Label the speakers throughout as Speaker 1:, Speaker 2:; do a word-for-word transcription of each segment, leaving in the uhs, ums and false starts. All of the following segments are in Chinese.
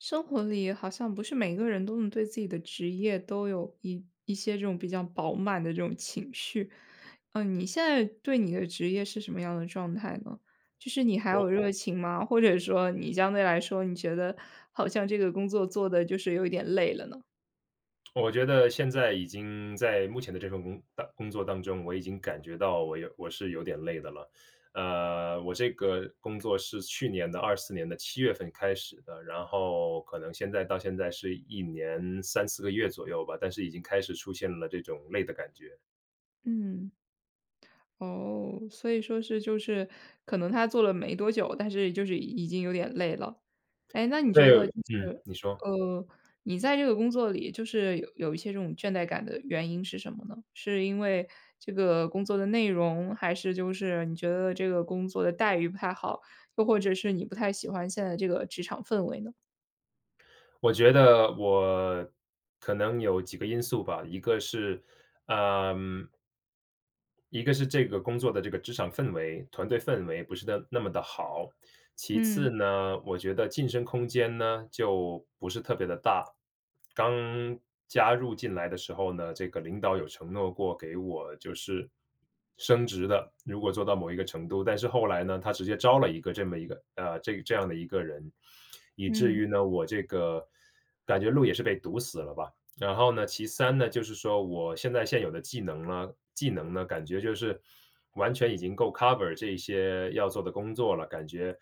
Speaker 1: 生活里好像不是每个人都能对自己的职业都有一一些这种比较饱满的这种情绪。呃，你现在对你的职业是什么样的状态呢？就是你还有
Speaker 2: 我
Speaker 1: 热情吗？或者说你相对来说你觉得好像这个工作做得就是有一点累了呢？
Speaker 2: 我觉得现在已经在目前的这份工当工作当中，我已经感觉到我有我是有点累的了。呃，我这个工作是去年的二四年的七月份开始的，然后可能现在到现在是一年三四个月左右吧，但是已经开始出现了这种累的感觉。
Speaker 1: 嗯，哦，所以说是就是可能他做了没多久，但是就是已经有点累了。哎，那你觉得
Speaker 2: 对，
Speaker 1: 就
Speaker 2: 嗯，
Speaker 1: 是
Speaker 2: 你说。
Speaker 1: 呃，你在这个工作里就是有有一些这种倦怠感的原因是什么呢？是因为这个工作的内容？还是就是你觉得这个工作的待遇不太好，又或者是你不太喜欢现在这个职场氛围呢？
Speaker 2: 我觉得我可能有几个因素吧，一个是，呃一个是这个工作的这个职场氛围、团队氛围不是的那么地好。其
Speaker 1: 嗯。
Speaker 2: 次呢，我觉得晋升空间呢，就不是特别地大。刚加入进来的时候呢，这个领导有承诺过给我就是升职的，如果做到某一个程度。但是后来呢，他直接招了一个这么一个呃，这这样的一个人，以至
Speaker 1: 嗯。
Speaker 2: 于呢，我这个感觉路也是被堵死了吧。然后呢，其三呢，就是说我现在现有的技能呢技能呢，感觉就是完全已经够 cover 这一些要做的工作了，感觉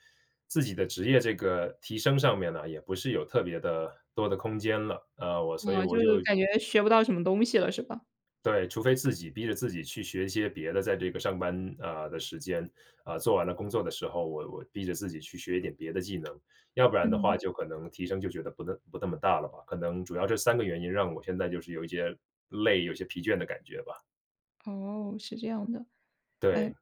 Speaker 2: 自己的职业这个提升上面呢，也不是有特别地多的空间了。呃，我所以
Speaker 1: 哦，
Speaker 2: 我
Speaker 1: 就是
Speaker 2: 就
Speaker 1: 感觉学不到什么东西了是吧？
Speaker 2: 对，除非自己逼着自己去学一些别的在这个上班呃，的时间，啊，做完了工作的时候，我我逼着自己去学一点别的技能。要不然的话，
Speaker 1: 嗯。
Speaker 2: 就可能提升就觉得不那不那么大了吧，可能主要这三个原因让我现在就是有一些累、有一些疲倦的感觉吧。
Speaker 1: 哦，是这样的。哎，
Speaker 2: 对。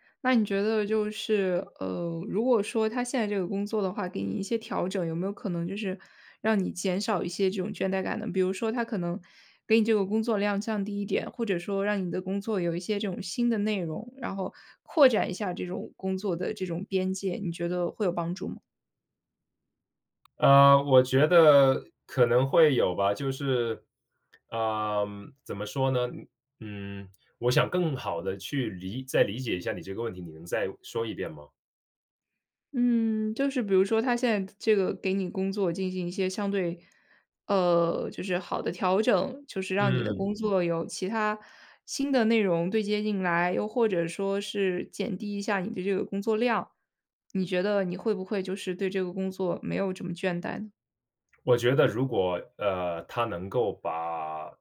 Speaker 1: 那你觉得就是呃，如果说他现在这个工作的话，给你一些调整，有没有可能就是让你减少一些这种倦怠感呢？比如说他可能给你这个工作量降低一点，或者说让你的工作有一些这种新的内容，然后扩展一下这种工作的这种边界，你觉得会有帮助吗？
Speaker 2: 呃，我觉得可能会有吧，就是呃，怎么说呢？嗯，我想更好地去理再理解一下你这个问题，你能再说一遍吗？
Speaker 1: 嗯，就是比如说他现在这个给你工作进行一些相对呃，就是好的调整，就是让你的
Speaker 2: 嗯。
Speaker 1: 工作有其它新的内容对接进来，又或者说是减低一下你的这个工作量，你觉得你会不会就是对这个工作没有这么倦怠呢？
Speaker 2: 我觉得如果呃，他能够把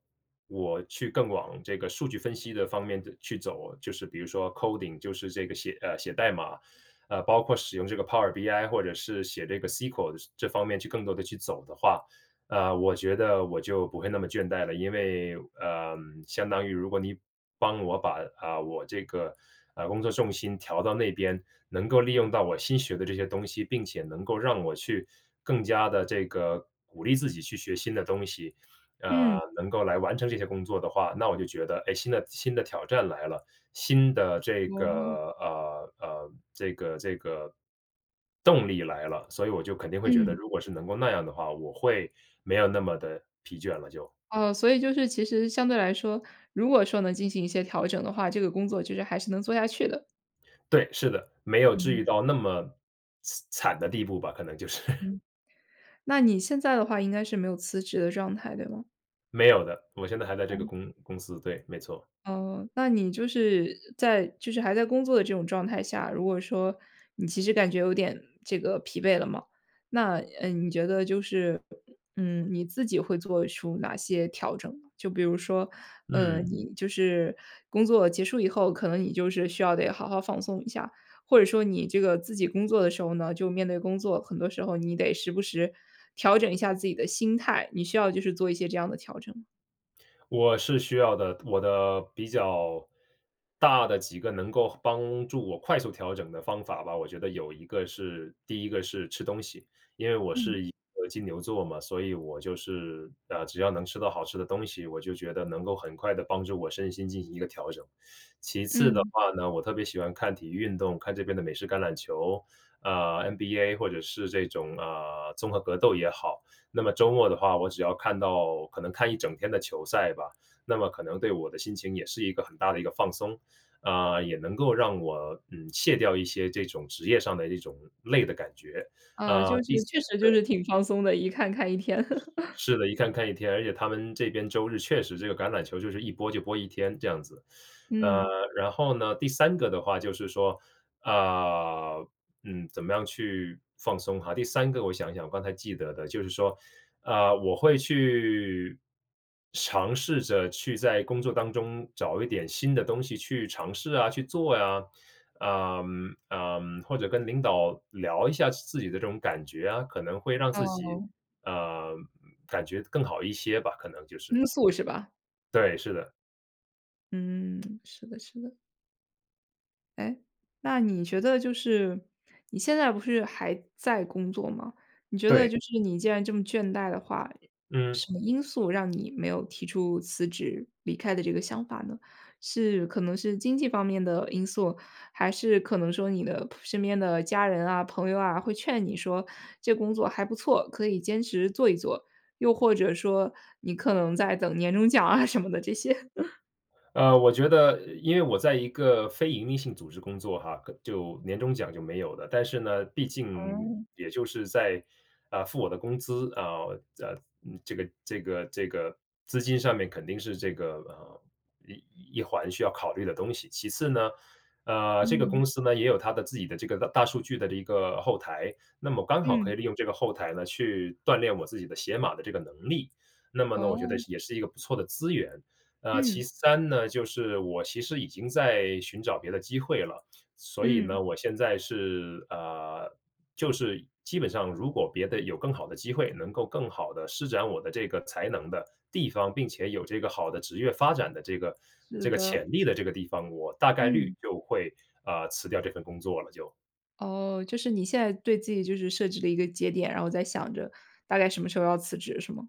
Speaker 2: 我去更往这个数据分析的方面的去走，就是比如说 coding 就是这个写呃，写代码。呃，包括使用这个 Power BI 或者是写这个 SQL 这方面去更多地去走的话，呃，我觉得我就不会那么倦怠了。因为呃，相当于如果你帮我把，呃，我这个工作重心调到那边，能够利用到我新学的这些东西，并且能够让我去更加地这个鼓励自己去学新的东西。呃，
Speaker 1: 嗯。
Speaker 2: 能够来完成这些工作的话，那我就觉得，哎，新的新的挑战来了，新的这
Speaker 1: 哦。
Speaker 2: 个呃，呃，这个这个动力来了，所以我就肯定会觉得
Speaker 1: 嗯。
Speaker 2: 如果是能够那样的话，我会没有那么地疲倦了就。
Speaker 1: 哦，所以就是其实相对来说，如果说能进行一些调整的话，这个工作就是还是能做下去的。
Speaker 2: 对，是的，没有至
Speaker 1: 嗯。
Speaker 2: 于到那么呲惨的地步吧，可能就是。
Speaker 1: 嗯，那你现在的话应该是没有辞职的状态，对吗？
Speaker 2: 没有的，我现在还在这个
Speaker 1: 哦。
Speaker 2: 公公司。对，没错。
Speaker 1: 哦，那你就是在就是还在工作的这种状态下，如果说你其实感觉有点这个疲惫了嘛，那，呃，你觉得就是，嗯，你自己会做出哪些调整呢？就比如说，呃，
Speaker 2: 嗯。
Speaker 1: 你就是工作结束以后，可能你就是需要得好好放松一下。或者说你这个自己工作的时候呢，就面对工作，很多时候你得时不时调整一下自己的心态，你需要就是做一些这样的调整吗？
Speaker 2: 我是需要的，我的比较大的几个能够帮助我快速调整的方法吧。我觉得有一个是第一个是吃东西，因为我
Speaker 1: 嗯。
Speaker 2: 是一个金牛座嘛，所以我就是，呃，只要能吃到好吃的东西，我就觉得能够很快地帮助我身心进行一个调整。其次的
Speaker 1: 嗯。
Speaker 2: 话呢，我特别喜欢看体育运动，看这边的美式橄榄球，呃，NBA，或者是这种，呃，综合格斗也好。那么周末的话，我只要看到，可能看一整天的球赛吧，那么可能对我的心情也是一个很大的一个放松。呃，也能够让我，嗯，卸掉一些这种职业上的这种累的感觉，
Speaker 1: 啊，
Speaker 2: 呃，
Speaker 1: 就
Speaker 2: 第
Speaker 1: 是，
Speaker 2: 三
Speaker 1: 确实就是
Speaker 2: 对。
Speaker 1: 挺放松的，一看看一天。
Speaker 2: 是 是的，一看看一天，而且他们这边周日确实这个橄榄球就是一播就播一天这样子。呃，
Speaker 1: 嗯。
Speaker 2: 然后呢，第三个的话就是说，呃，嗯，怎么样去放松哈。第三个我想想，我刚才记得的，就是说，呃，我会去尝试着去在工作当中找一点新的东西去尝试啊、去做啊。呃，呃，或者跟领导聊一下自己的这种感觉啊，可能会让自己，
Speaker 1: 哦。
Speaker 2: 呃，嗯嗯，感觉更好一些吧，可能就是。
Speaker 1: 倾诉，是吧？
Speaker 2: 对，是的。
Speaker 1: 嗯，是的，是的。哎，那你觉得就是，你现在不是还在工作吗？你觉得
Speaker 2: 对。
Speaker 1: 就是你既然这么倦怠的话，
Speaker 2: 嗯。
Speaker 1: 什么因素让你没有提出辞职离开的这个想法呢？是可能是经济方面的因素？还是可能说你的扑身边的家人啊、朋友啊，会劝你说这工作还不错，可以坚持做一做？又或者说你可能在等年终奖啊，什么的这些？
Speaker 2: 呃，我觉得因为我在一个非营利性组织工作哈，呵，就年终奖就没有了，但是呢，毕竟
Speaker 1: 嗯。
Speaker 2: 也就是在呃，付我的工资啊呃，这个这个这个资金上面肯定是这个呃一一环需要考虑的东西。其次呢，呃，这个
Speaker 1: 嗯。
Speaker 2: 公司呢，也有它的自己的这个大大数据的这一个后台，那么刚好可
Speaker 1: 嗯。
Speaker 2: 以利用这个后台呢，去锻炼我自己的写码的这个能力。那么呢，我觉得
Speaker 1: 哦。
Speaker 2: 是也是一个不错的资源。呃，
Speaker 1: 嗯。
Speaker 2: 其三呢，就是我其实已经在寻找别的机会了，所以
Speaker 1: 嗯。
Speaker 2: 呢，我现在是呃，就是基本上如果别的有更好的机会，能够更好地施展我的这个才能的地方，并且有这个好的职业发展的这个
Speaker 1: 是
Speaker 2: 这个
Speaker 1: 的。
Speaker 2: 潜力的这个地方，我大概率
Speaker 1: 嗯。
Speaker 2: 就会，呃，辞掉这份工作了就。
Speaker 1: 哦，就是你现在对自己就是设置了一个节点，然后在想着大概什么时候要辞职是吗？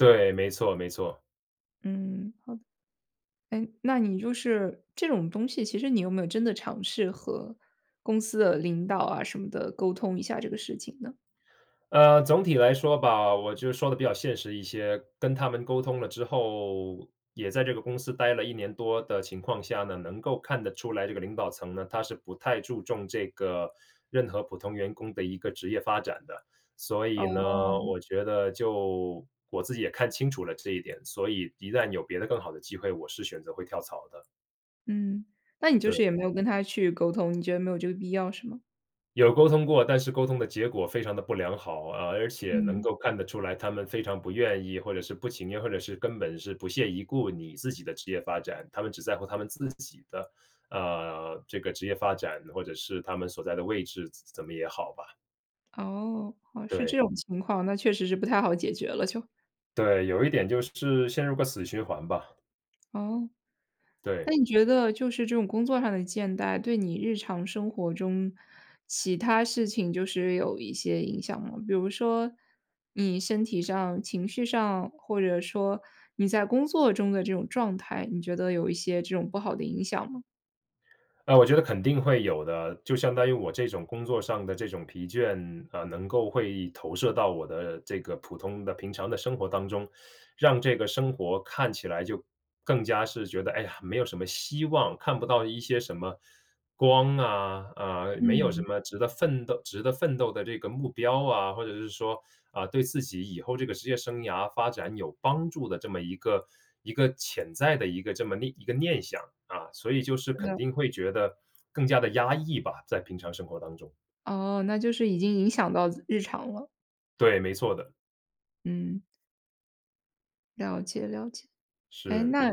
Speaker 2: 对，没错，没错。
Speaker 1: 嗯，好，哎，那你就是这种东西，其实你有没有真的尝试和公司的领导啊什么的，沟通一下这个事情呢？
Speaker 2: 呃，总体来说吧，我就说得比较现实一些，跟他们沟通了之后，也在这个公司呆了一年多的情况下呢，能够看得出来这个领导层呢，他是不太注重这个任何普通员工的一个职业发展的。所以呢，
Speaker 1: 哦。
Speaker 2: 我觉得就我自己也看清楚了这一点，所以一旦有别的更好的机会，我是选择会跳槽的。
Speaker 1: 嗯，那你就是也
Speaker 2: 对。
Speaker 1: 没有跟他去沟通，你觉得没有这个必要是吗？
Speaker 2: 有沟通过，但是沟通的结果非常地不良好。呃，而且能
Speaker 1: 嗯。
Speaker 2: 够看得出来他们非常不愿意，或者是不情愿，或者是根本是不屑一顾你自己的职业发展。他们只在乎他们自己的呃，这个职业发展，或者是他们所在的位置，怎怎么也好吧。
Speaker 1: 哦，哦，是这
Speaker 2: 对。
Speaker 1: 种情况，那确实是不太好解决了就。
Speaker 2: 对，有一点就是陷入个死循环吧。
Speaker 1: 哦。
Speaker 2: 对。
Speaker 1: 那你觉得就是这种工作上的倦怠，对你日常生活中其它事情就是有一些影响吗？比如说你身体上、情绪上，或者说你在工作中的这种状态，你觉得有一些这种不好的影响吗？
Speaker 2: 呃，我觉得肯定会有的，就相当于我这种工作上的这种疲倦，呃，能够会投射到我的这个普通的平常的生活当中。让这个生活看起来就更加是觉得，哎呀，没有什么希望，看不到一些什么光啊，啊，没有什
Speaker 1: 嗯。
Speaker 2: 么值得奋斗值得奋斗的这个目标啊。或者是说，啊，对自己以后这个职业生涯发展有帮助的这么一个一个潜在的一个这么念一个念想儿啊，所以就是
Speaker 1: 真
Speaker 2: 肯
Speaker 1: 的。
Speaker 2: 定会觉得更加地压抑吧。在平常生活当中。
Speaker 1: 哦，那就是已经影响到自日常了。
Speaker 2: 对，没错的。
Speaker 1: 嗯。了解，了解，哎？
Speaker 2: 是。
Speaker 1: 那，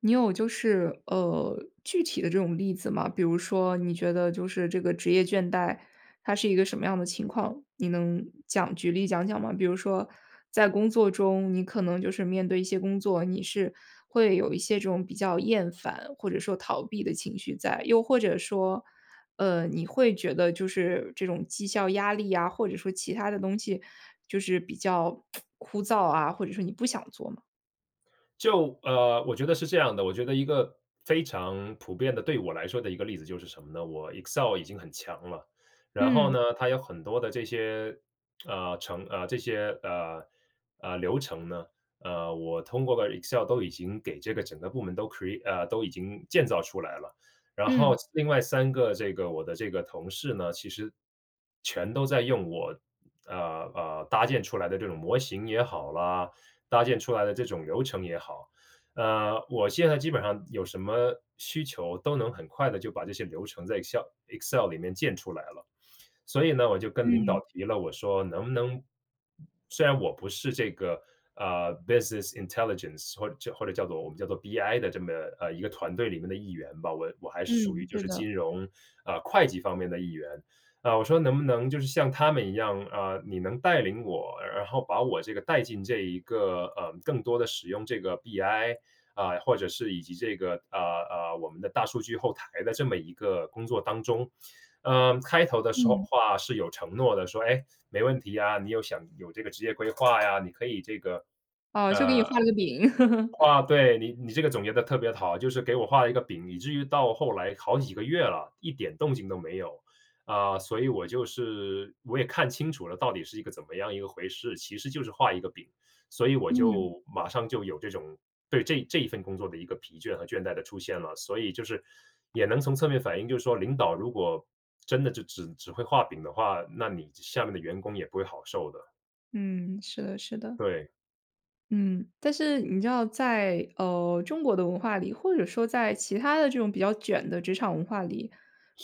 Speaker 1: 你有就是呃，具体的这种例子吗？比如说你觉得就是这个职业倦怠，它是一个什么样的情况，你能讲举例讲讲吗？比如说在工作中，你可能就是面对一些工作，你是会有一些这种比较厌烦或者说逃避的情绪在？又或者说呃，你会觉得就是这种绩效压力呀，或者说其他的东西就是比较 枯燥啊，或者说你不想做吗？
Speaker 2: 就呃，我觉得是这样的，我觉得一个非常普遍的对我来说的一个例子就是什么呢？我 excel 已经很强了，然后
Speaker 1: 嗯。
Speaker 2: 呢，它有很多的这些 呃，程呃，这些，呃，呃，流程呢，呃，我通过个 EXCEL 都已经给这个整个部门都 create 呃，都已经建造出来了。然后
Speaker 1: 嗯。
Speaker 2: 另外三个这个我的这个同事呢，其实全都在用我呃，呃，搭建出来的这种模型也好啦，搭建出来的这种流程也好，呃，我现在基本上有什么需求都能很地就把这些流程在 EXCEL EXCEL 里面建出来了。所以呢，我就跟领
Speaker 1: 嗯。
Speaker 2: 导提了，我说能不能虽然我不是这个呃，business intelligence 或者叫或者叫做我们叫做 BI 的这么呃，一个团队里面的一员吧，我我还是属于
Speaker 1: 嗯，
Speaker 2: 就
Speaker 1: 是
Speaker 2: 是
Speaker 1: 的。
Speaker 2: 金融，啊，会计方面的一员。啊，我说：“能不能就是像他们一样，啊，你能带领我，然后把我这个带进这一个呃，更多地使用这个 BI 啊，或者是以及这个啊，呃，我们的大数据后台的这么一个工作当中？”嗯，开头的时候，
Speaker 1: 嗯。
Speaker 2: 话是有承诺的，说：“哎，没问题啊，你有想有这个职业规划呀，”你可以这个
Speaker 1: 哦，就给
Speaker 2: 呃
Speaker 1: 你画了个饼。
Speaker 2: 啊 对，你你这个总结得特别好，就是给我画了一个饼，以至于到后来好几个月了，一点动静都没有。啊，所以我就是我也看清楚了到底是一个怎么样一回事，其实就是画一个饼，所以我
Speaker 1: 嗯。
Speaker 2: 就马上就有这种对这这一份工作的一个疲倦和倦怠的出现了。所以就是也能从侧面反映，就是说领导如果真的就只只会画饼的话，那你下面的员工也不会好受的。
Speaker 1: 嗯，是的，是的。
Speaker 2: 对。
Speaker 1: 嗯，但是你知道在呃，中国的文化里，或者说在其他的这种比较卷的职场文化里。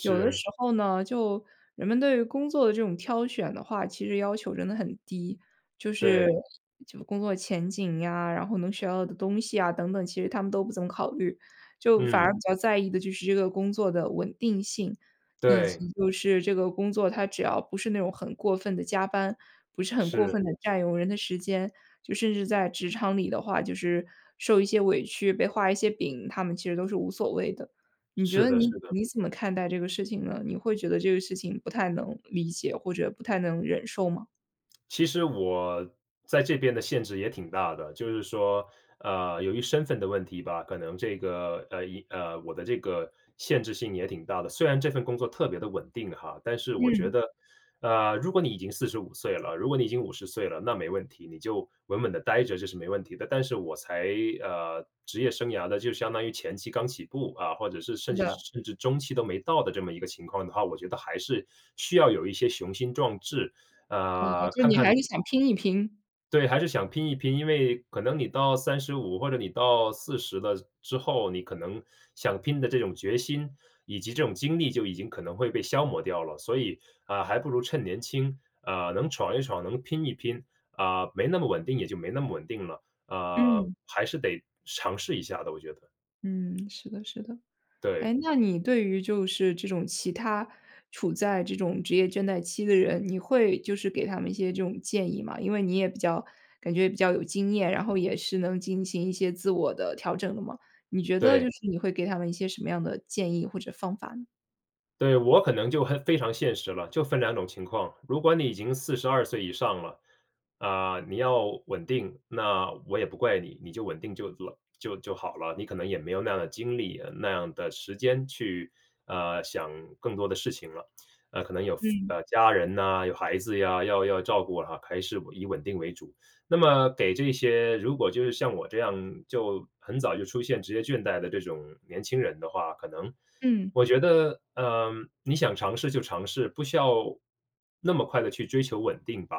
Speaker 1: 有的时候呢，就人们对于工作的这种挑选的话，其实要求真的很低，就是
Speaker 2: 对。
Speaker 1: 就工作前景呀，然后能学到的东西啊等等，其实他们都不怎么考虑。就反
Speaker 2: 嗯。
Speaker 1: 而比较在意的就是这个工作的稳定性，以
Speaker 2: 对。
Speaker 1: 及就是这个工作它只要不是那种很过分地加班，不是很过
Speaker 2: 是。
Speaker 1: 分地占用人的时间，就甚至在职场里的话，就是受一些委屈，被画一些饼，他们其实都是无所谓的。你觉
Speaker 2: 是
Speaker 1: 得
Speaker 2: 的，
Speaker 1: 你
Speaker 2: 是的。
Speaker 1: 你怎么看待这个事情呢？你会觉得这个事情不太能理解，或者不太能忍受吗？
Speaker 2: 其实我在这边的限制也挺大的，就是说呃，由于身份的问题吧，可能这个呃，影呃，我的这个限制性也挺大的。虽然这份工作特别地稳定哈，但是我觉
Speaker 1: 嗯。
Speaker 2: 得呃，如果你已经四十五岁了，如果你已经五十岁了，那没问题。你就稳稳地待着这是没问题的。但是我才呃，职业生涯的就相当于前期刚起步啊，或者是甚
Speaker 1: 是
Speaker 2: 至是
Speaker 1: 的。
Speaker 2: 甚至中期都没到的这么一个情况的话，我觉得还是需要有一些雄心壮志，
Speaker 1: 呃，
Speaker 2: 呃，
Speaker 1: 就
Speaker 2: 看
Speaker 1: 你
Speaker 2: 看
Speaker 1: 还是想拼一拼？
Speaker 2: 对，还是想拼一拼，因为可能你到三十五或者你到四十了之后，你可能想拼的这种决心，以及这种精力就已经可能会被消磨掉了。所以，啊，还不如趁年轻，啊，能闯一闯、能拼一拼，啊，没那么稳定也就没那么稳定了。啊，
Speaker 1: 嗯。
Speaker 2: 还是得尝试一下的我觉得。
Speaker 1: 嗯，是的，是的。
Speaker 2: 对。
Speaker 1: 哎，那你对于就是这种其他处在这种职业倦怠期的人，你会就是给他们一些这种建议吗？因为你也比较感觉比较有经验，然后也是能进行一些自我的调整的嘛。你觉得就
Speaker 2: 对。
Speaker 1: 是你会给他们一些什么样的建议或者方法呢？
Speaker 2: 对，我可能就很非常现实了，就分两种情况，如果你已经四十二岁以上了，啊，你要稳定，那我也不怪你，你就稳定就了就就好了，你可能也没有那样的精力、那样的时间去呃，想更多的事情了。呃，可能有，嘶，
Speaker 1: 嗯。
Speaker 2: 家人呐，有孩子呀，要要照顾啊，还是稳以稳定为主。那么给这些，如果就是像我这样就很早就出现职业倦怠的这种年轻人的话，可能
Speaker 1: 嗯。
Speaker 2: 我觉得，呃，你想尝试就尝试，不需要那么快地去追求稳定吧。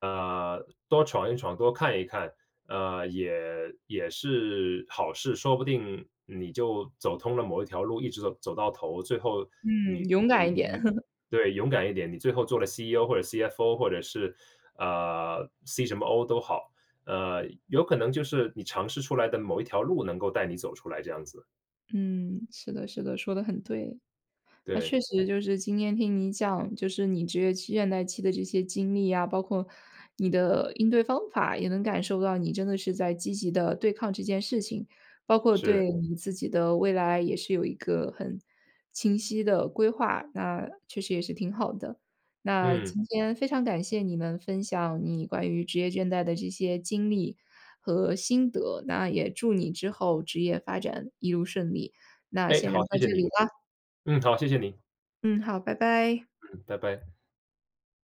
Speaker 2: 呃，多闯一闯、多看一看呃，也也是好事。说不定你就走通了某一条路一直走走到头，最后
Speaker 1: 嗯，
Speaker 2: 你
Speaker 1: 勇敢
Speaker 2: 你
Speaker 1: 一点。
Speaker 2: 你 对，勇敢一点，你最后做了 CEO 或者 CFO 或者是，呃，C 什么 O 都好，呃，有可能就是你尝试出来的某一条路能够带你走出来这样子。
Speaker 1: 嗯，是的，是的，说得很对。那
Speaker 2: 对。
Speaker 1: 确实就是今天听你讲，就是你职业期倦怠期的这些经历呀，包括你的应对方法，也能感受到你真的是在积极地对抗这件事情。包括
Speaker 2: 是。
Speaker 1: 对你自己的未来，也是有一个很清晰的规划，那确实也是挺好的。那
Speaker 2: 嗯。
Speaker 1: 今天非常感谢你能分享你关于职业倦怠的这些经历和心得，那也祝你之后职业发展一路顺利。那
Speaker 2: 哎，
Speaker 1: 先聊
Speaker 2: 好，谢
Speaker 1: 到
Speaker 2: 谢
Speaker 1: 这里
Speaker 2: 你，
Speaker 1: 啦。
Speaker 2: 嗯，好，谢谢您。
Speaker 1: 嗯，好，拜拜。
Speaker 2: 嗯，拜拜。